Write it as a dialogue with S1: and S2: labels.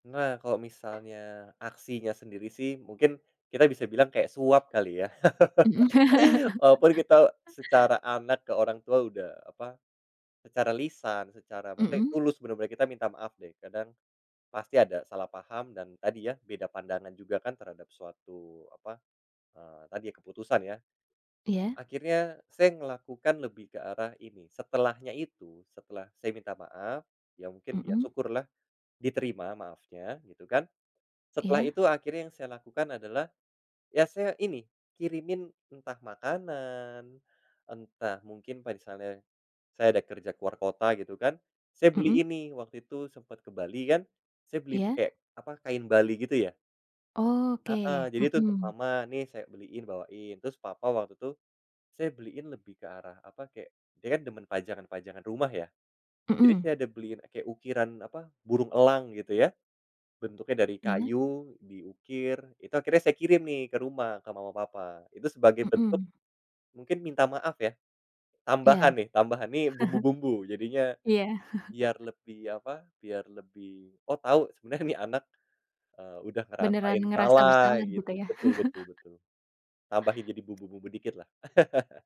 S1: Nah, kalau misalnya aksinya sendiri sih mungkin kita bisa bilang kayak suap kali ya,
S2: Mmm.
S1: walaupun kita secara anak ke orang tua udah, eee, apa, secara lisan, secara maknaya
S2: Mhm.
S1: tulus bener-bener kita minta maaf deh, kadang pasti ada salah paham dan tadi ya, beda pandangan juga kan terhadap suatu, apa, eee, tadi ya, keputusan, ya.
S2: Iya.
S1: Akhirnya saya ngelakukan lebih ke arah ini, setelahnya itu, setelah saya minta maaf ya, mungkin
S2: Mhm.
S1: syukurlah diterima maafnya, gitu kan. Setelah
S2: Iya.
S1: itu akhirnya yang saya lakukan adalah, ya saya ini kirimin entah makanan, entah mungkin misalnya saya ada kerja ke luar kota, gitu kan, saya beli
S2: Mhm.
S1: ini waktu itu sempet ke Bali kan, saya beli
S2: Iya.
S1: kayak, apa, kain Bali, gitu ya.
S2: Oh,
S1: Heeh,
S2: oke,
S1: jadi itu,
S2: mhm.
S1: "Mama, nih saya beliin, bawain," terus papa waktu itu saya beliin lebih ke arah, apa, kayak dia kan demen pajangan-pajangan rumah ya, jadi
S2: Mhm.
S1: saya ada beliin kayak ukiran, apa, burung elang, gitu ya, bentuknya dari
S2: Iya.
S1: kayu diukir. Itu akhirnya saya kirim nih, ke rumah, ke mama papa, itu sebagai bentuk
S2: Mhm.
S1: mungkin minta maaf ya,
S2: Iya,
S1: tambahan nih tambahan nih bumbu-bumbu, jadinya
S2: Iya.
S1: biar lebih, apa, biar lebih, oh, tau, sebenernya nih anak, eee, udah
S2: Beneran
S1: ngerasain
S2: ngerasa
S1: salah,
S2: bersalah, gitu
S1: gitu.
S2: ya.
S1: Betul betul betul. Tambahin jadi bumbu-bumbu dikit lah.